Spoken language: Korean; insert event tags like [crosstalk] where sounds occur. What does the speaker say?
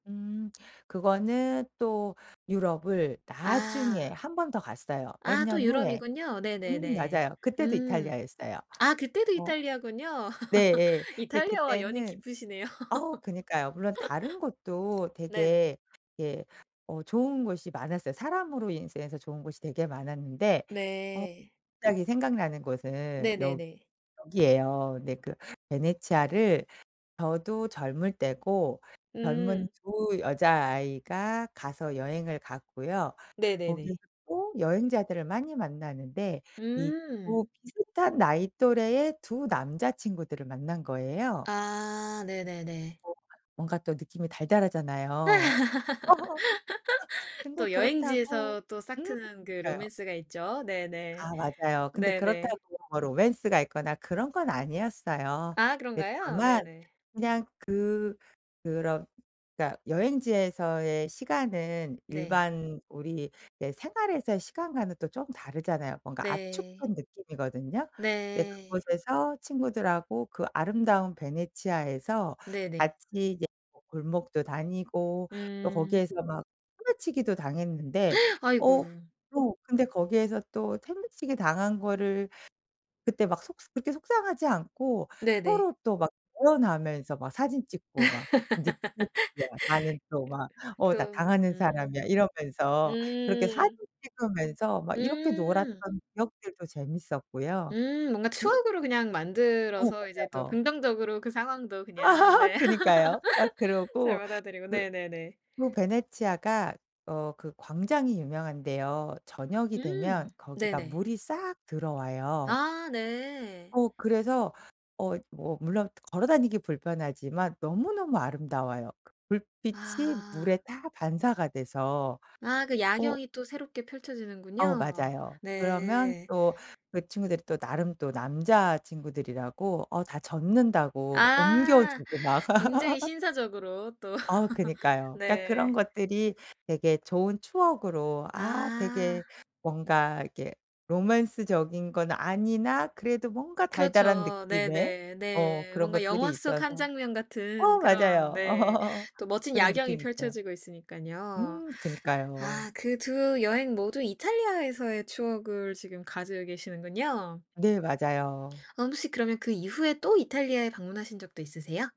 음. 그거는 또 유럽을 나중에 아. 1 번 더 갔어요 몇 아 또 년 후에. 유럽이군요. 음 네네네. 맞아요. 그때도 음 이탈리아였어요. 아 그때도 어. 이탈리아군요. 네예. [laughs] 근데 이탈리아와 연이 그때는 깊으시네요. 어 그니까요. 물론 다른 곳도 [laughs] 네네. 되게 예 어 좋은 곳이 많았어요. 사람으로 인해서 여행에서 좋은 곳이 되게 많았는데 어 네. 갑자기 생각나는 곳은 여 네네네. 여기예요. 네 그 베네치아를 저도 젊을 때고 젊은 음. 2 여자아이가 가서 여행을 갔고요. 네네네. 거기에서 또 여행자들을 많이 만나는데 이 2 음. 비슷한 나이 또래의 2 남자친구들을 만난 거예요. 아 네네네. 뭔가 뭔가 또 느낌이 달달하잖아요. [laughs] [laughs] 근데 또 그렇다고 여행지에서 또 싹 음 트는 그 그니까요. 로맨스가 있죠. 네네. 아 맞아요. 근데 네네. 그렇다고 뭐 로맨스가 있거나 그런 건 아니었어요. 아 근데 그런가요? 다만 네네. 그냥 그 그런 그러니까 여행지에서의 시간은 네. 일반 우리 네 생활에서의 시간과는 또 쪼금 다르잖아요. 뭔가 네. 압축한 느낌이거든요. 근데 네. 그곳에서 친구들하고 그 아름다운 베네치아에서 네네. 같이 이제 뭐 골목도 다니고 또 음. 거기에서 막 소매치기도 당했는데 [gasps] 아이고. 어 또 근데 거기에서 또 소매치기 당한 거를 그때 막 속 그렇게 속상하지 않고 네네. 서로 또 막 [unintelligible] 하면서 막 사진 [laughs] 찍고 그 막 [unintelligible] 나는 또 막 "어 나 또 당하는 음. 사람이야." 이러면서 그렇게 사진 음. 찍으면서 막 이렇게 음. 놀았던 기억들도 재밌었고요. 음 뭔가 그 추억으로 그냥 어. 만들어서 이제 또 맞아요. 긍정적으로 그 상황도 그냥 네. [laughs] 그니까요. 막 [laughs] 잘 그러고 받아들이고. 그 네네네. 그 베네치아가 어 그 광장이 유명한데요. 저녁이 되면 음 거기가 네네. 물이 싹 들어와요. 아 네. 어 그래서 어 뭐 물론 걸어 다니기 불편하지만 너무너무 아름다워요. 그 불빛이 아. 물에 다 반사가 돼서. 아 그 어 야경이 또 새롭게 어 펼쳐지는군요. 맞아요. 그러면 네. 또 그 친구들이 또 나름 또 남자친구들이라고 어 다 젖는다고 뭐 옮겨 아 주고 막. 굉장히 [laughs] 신사적으로 또. 어 [laughs] 그니까요. 그니까 그런 네. 것들이 되게 좋은 추억으로 아 되게 아. 뭔가 이렇게 로맨스적인 건 아니나 그래도 뭔가 달달한 그렇죠. 느낌의 네네. 어 네. 그런 뭔가 영화 것들이 속 1 있어서 장면 어 같은 그런 맞아요. 네 [laughs] 또 멋진 그런 야경이 느낌이 있어요. 펼쳐지고 있으니깐요. 음 그니까요. 아 그 2 여행 모두 이탈리아에서의 추억을 지금 가지고 계시는군요. 네. 맞아요. 어 혹시 그러면 그 이후에 또 이탈리아에 방문하신 적도 있으세요?